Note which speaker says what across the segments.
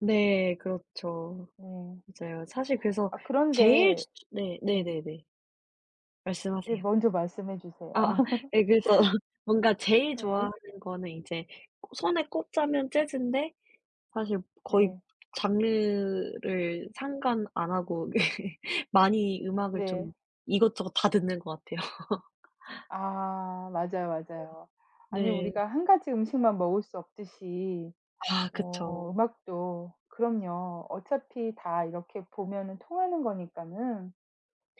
Speaker 1: 네. 그렇죠.
Speaker 2: 네.
Speaker 1: 맞아요. 사실 그래서
Speaker 2: 아
Speaker 1: 제일
Speaker 2: 그런데
Speaker 1: 츠 츠 네.
Speaker 2: 예.
Speaker 1: 네네네.
Speaker 2: 네.
Speaker 1: 말씀하세요.
Speaker 2: 먼저 말씀해 주세요.
Speaker 1: 아아 예 그래서 뭔가 제일
Speaker 2: 예.
Speaker 1: 좋아하는 거는 이제 손에 꼽자면 재즈인데 사실 거의
Speaker 2: 네.
Speaker 1: 장르를 상관 안 하고 많이 음악을
Speaker 2: 네.
Speaker 1: 좀 이것저것 다 듣는 것 같아요.
Speaker 2: 아. 맞아요, 맞아요. 아니
Speaker 1: 네.
Speaker 2: 우리가 1 가지 음식만 먹을 수 없듯이
Speaker 1: 아. 그쵸.
Speaker 2: 뭐 음악도 그럼요. 어차피 다 이렇게 보면은 통하는 거니까는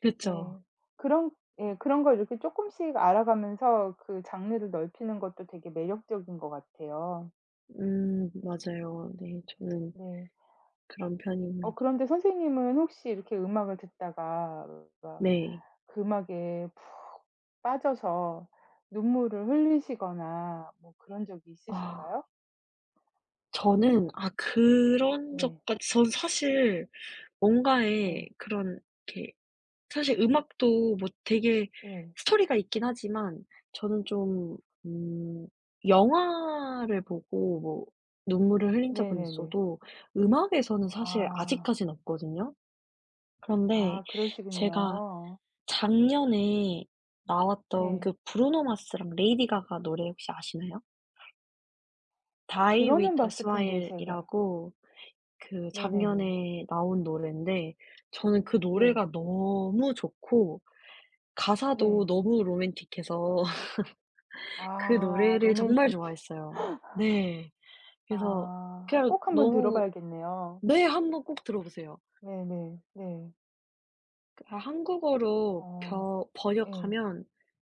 Speaker 1: 그쵸.
Speaker 2: 네. 그런 예 그런 걸 이렇게 쪼끔씩 알아가면서 그 장르를 넓히는 것도 되게 매력적인 것 같아요.
Speaker 1: 음. 맞아요. 네. 저는
Speaker 2: 네.
Speaker 1: 그런
Speaker 2: 어
Speaker 1: 편입니다.
Speaker 2: 그런데 선생님은 혹시 이렇게 음악을 듣다가
Speaker 1: 네.
Speaker 2: 그 음악에 푹 빠져서 눈물을 흘리시거나 뭐 그런 적이
Speaker 1: 아.
Speaker 2: 있으실까요?
Speaker 1: 저는 아 그런
Speaker 2: 네.
Speaker 1: 적까지 전 사실 뭔가에
Speaker 2: 네.
Speaker 1: 그런 이렇게 사실 음악도 뭐 되게
Speaker 2: 예.
Speaker 1: 스토리가 있긴 하지만 저는 좀 음 영화를 보고 뭐 눈물을 흘린 적은
Speaker 2: 네네네.
Speaker 1: 있어도 음악에서는 사실
Speaker 2: 아.
Speaker 1: 아직까진 없거든요. 그런데
Speaker 2: 아.
Speaker 1: 제가
Speaker 2: 그러시군요.
Speaker 1: 작년에 나왔던
Speaker 2: 네.
Speaker 1: 그 브루노 마스랑 레이디 가가 노래 혹시 아시나요?
Speaker 2: 어
Speaker 1: Die With
Speaker 2: 들어는
Speaker 1: A
Speaker 2: 봤을 텐데 제가
Speaker 1: Smile이라고 그
Speaker 2: 네네네.
Speaker 1: 작년에 나온 노랜데 저는 그
Speaker 2: 네.
Speaker 1: 노래가 너무 좋고 가사도
Speaker 2: 네.
Speaker 1: 너무 로맨틱해서 그
Speaker 2: 아.
Speaker 1: 노래를 정말
Speaker 2: 로맨틱해.
Speaker 1: 좋아했어요. 네. 그래서
Speaker 2: 아.
Speaker 1: 그냥
Speaker 2: 꼭 한번
Speaker 1: 너무
Speaker 2: 들어봐야겠네요.
Speaker 1: 네 한번 꼭 들어보세요.
Speaker 2: 네네. 네.
Speaker 1: 그 한국어로
Speaker 2: 아.
Speaker 1: 벼
Speaker 2: 예.
Speaker 1: 번역하면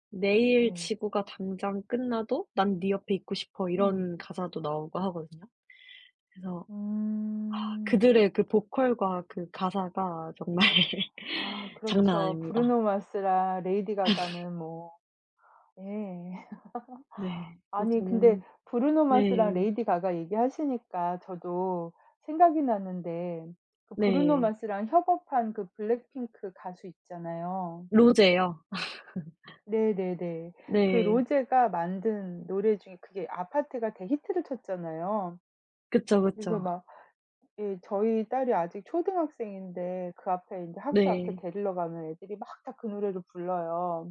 Speaker 1: 내일
Speaker 2: 네.
Speaker 1: 지구가 당장 끝나도 난 니 옆에 있고 싶어
Speaker 2: 음.
Speaker 1: 이런 가사도 나오고 하거든요. 그래서 아
Speaker 2: 음.
Speaker 1: 그들의 그 보컬과 그 가사가 정말
Speaker 2: 아
Speaker 1: 장난
Speaker 2: 그렇죠.
Speaker 1: 아닙니다.
Speaker 2: 브루노 마스랑 레이디 가가는 뭐 예
Speaker 1: 네. 네
Speaker 2: 아니 근데
Speaker 1: 정말
Speaker 2: 브루노 마스랑
Speaker 1: 네.
Speaker 2: 레이디 가가 얘기하시니까 저도 생각이 났는데 그 브루노
Speaker 1: 네.
Speaker 2: 마스랑 협업한 그 블랙핑크 가수 있잖아요.
Speaker 1: 로제요.
Speaker 2: 네네네. 그
Speaker 1: 네.
Speaker 2: 로제가 만든 노래 중에 그게 아파트가 대히트를 쳤잖아요.
Speaker 1: 그쵸,
Speaker 2: 그래서
Speaker 1: 그쵸.
Speaker 2: 막 예 저희 딸이 아직 초등학생인데 그 앞에 인제 학교 앞에
Speaker 1: 네.
Speaker 2: 데리러 가면 애들이 막 다 그 노래를 불러요.